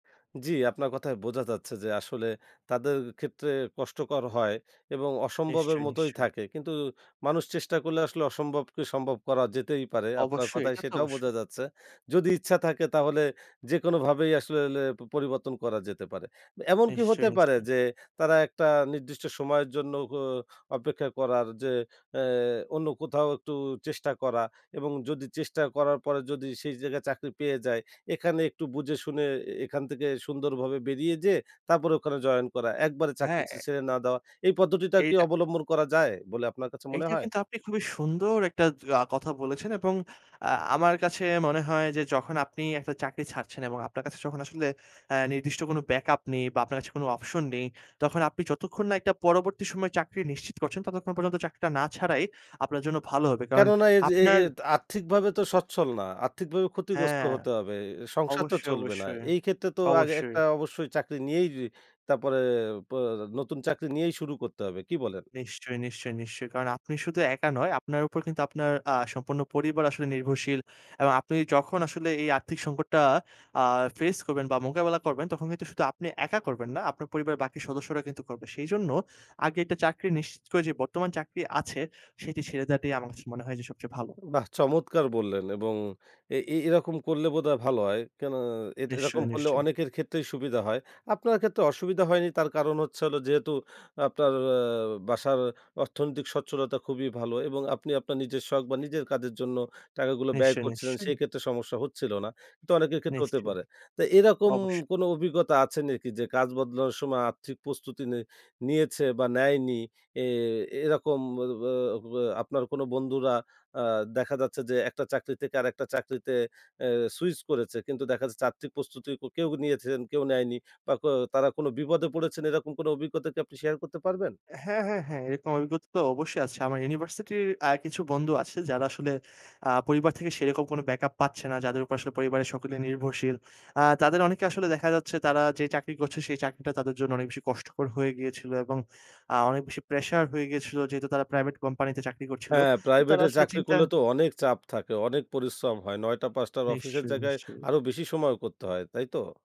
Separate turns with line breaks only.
জি, আপনার কথায় বোঝা যাচ্ছে যে আসলে তাদের ক্ষেত্রে কষ্টকর হয় এবং অসম্ভবের
নিশ্চয়ই,
মতোই
নিশ্চয়ই।
থাকে। কিন্তু মানুষ চেষ্টা করলে আসলে অসম্ভবকে সম্ভব করা যেতেই পারে। আপনার
অবশ্যই।
কথায়
এটা তো
সেটাও
অবশ্যই।
বোঝা যাচ্ছে। যদি ইচ্ছা থাকে তাহলে যেকোনোভাবেই আসলে লে পরিবর্তন করা যেতে পারে। এমন কি হতে
নিশ্চয়ই,
পারে
নিশ্চয়ই।
যে তারা একটা নির্দিষ্ট সময়ের জন্য গ অপেক্ষা করার যে এ অন্য কোথাও একটু চেষ্টা করা এবং যদি চেষ্টা করার পরে যদি সেই জায়গায় চাকরি পেয়ে যায় এখানে একটু বুঝে শুনে এ এখান থেকে সুন্দরভাবে বেরিয়ে যেয়ে তারপরে ওখানে জয়েন করা। একবারে চাকরি
হ্যাঁ।
ছ
এ
ছেড়ে না দেওয়া। এই পদ্ধতিটা কি
এইটা
অবলম্বন করা যায় বলে আপনার কাছে মনে
এইটা
হয়?
কিন্তু আপনি খুবই সুন্দর একটা জ কথা বলেছেন এবং আ আমার কাছে মনে হয় যে যখন আপনি একটা চাকরি ছাড়ছেন এবং আপনার কাছে যখন আসলে এ নির্দিষ্ট কোনো ব্যাক আপ নেই বা আপনার কাছে কোনো অপশন নেই, তখন আপনি যতক্ষণ না একটা পরবর্তী সময়ের একটা চাকরি নিশ্চিত করছেন ততক্ষণ পর্যন্ত চাকরিটা না ছাড়াই আপনার জন্য ভালো হবে। কারণ
কেননা এইযে এ এ
আপনার
আর্থিকভাবে তো সচ্ছল না। আর্থিকভাবে ক্ষতিগ্রস্ত
হ্যাঁ।
হতে হবে। সংসার তো
অবশ্যই,
চলবে না।
অবশ্যই,
এই ক্ষেত্রে তো আগে
অবশ্যই।
একটা অবশ্যই চাকরি নিয়েই তারপরে পোঁ নতুন চাকরি নিয়েই শুরু করতে হবে। কি বলেন?
নিশ্চয়ই, নিশ্চয়ই, নিশ্চয়ই। কারণ আপনি শুধু একা নয়, আপনার উপর কিন্তু আপনার আ সম্পূর্ণ পরিবার আসলে নির্ভরশীল। এবং আপনি যখন আসলে এই আর্থিক সংকটটা আ ফেস করবেন বা মোকাবেলা করবেন তখন কিন্তু শুধু আপনি একা করবেন না, আপনার পরিবারের বাকি সদস্যরা কিন্তু করবে। সেইজন্য আগে একটা চাকরি নিশ্চিত করে যে বর্তমান চাকরি আছে সেটি ছেড়ে দেওয়াটাই আমার কাছে মনে হয় যে সবচেয়ে ভালো।
বাহ! চমৎকার বললেন এবং এ এ এরকম করলে বোধহয় ভালো হয়। কেন এরকম
নিশ্চয়ই,
করলে
নিশ্চয়ই।
অনেকের ক্ষেত্রেই সুবিধা হয়। আপনার ক্ষেত্রে অসুবিধা হয়নি তার কারণ হচ্ছে হলো যেহেতু আপনার আ বাসার অর্থনৈতিক স্বচ্ছলতা খুবই ভালো এবং আপনি আপনার নিজের শখ বা নিজের কাজের জন্য টাকাগুলো ব্যয়
নিশ্চয়ই,
করছিলেন
নিশ্চয়ই।
সেই ক্ষেত্রে সমস্যা হচ্ছিল না। কিন্তু অনেকের ক্ষেত্রে হতে
নিশ্চয়ই।
পারে। তা এরকম
অবশ্যই।
কোনো অভিজ্ঞতা আছে নেকি যে কাজ বদলানোর সময় আর্থিক প্রস্তুতি নেই নিয়েছে বা নেয়নি এ এরকম ব্য ব্য ব্য আপনার কোনো বন্ধুরা আ দেখা যাচ্ছে যে একটা চাকরি থেকে আরেকটা চাকরিতে এ সুইচ করেছে। কিন্তু দেখা যাচ্ছে আর্থিক প্রস্তুতি কেউ নিয়েছেন কেউ নেয়নি বা কো তারা কোনো বিপদে পড়েছেন এরকম কোনো অভিজ্ঞতা কি আপনি শেয়ার করতে পারবেন?
হ্যাঁ, হ্যাঁ, হ্যাঁ। এরকম অভিজ্ঞতা তো অবশ্যই আছে। আমার ইউনিভার্সিটির আ কিছু বন্ধু আছে যারা আসলে আ পরিবার থেকে সেরকম কোনো ব্যাকআপ পাচ্ছে না, যাদের উপর আসলে পরিবারের সকলে নির্ভরশীল। আ তাদের অনেকে আসলে দেখা যাচ্ছে তারা যে চাকরি করছে সেই চাকরিটা তাদের জন্য অনেক বেশি কষ্টকর হয়ে গিয়েছিল এবং আ অনেক বেশি প্রেশার হয়ে গিয়েছিল। যেহেতু তারা প্রাইভেট কোম্পানিতে চাকরি করছিল।
হ্যাঁ।
তারা
প্রাইভেটের
আসলে
চাকরি
চিন্তা
করলে তো অনেক চাপ থাকে, অনেক পরিশ্রম হয়। ৯ঃ০০-৫ঃ০০ র অফিসের
নিশ্চয়ই,
জায়গায়
নিশ্চয়ই।
আরো বেশি সময়ও করতে হয়। তাই তো?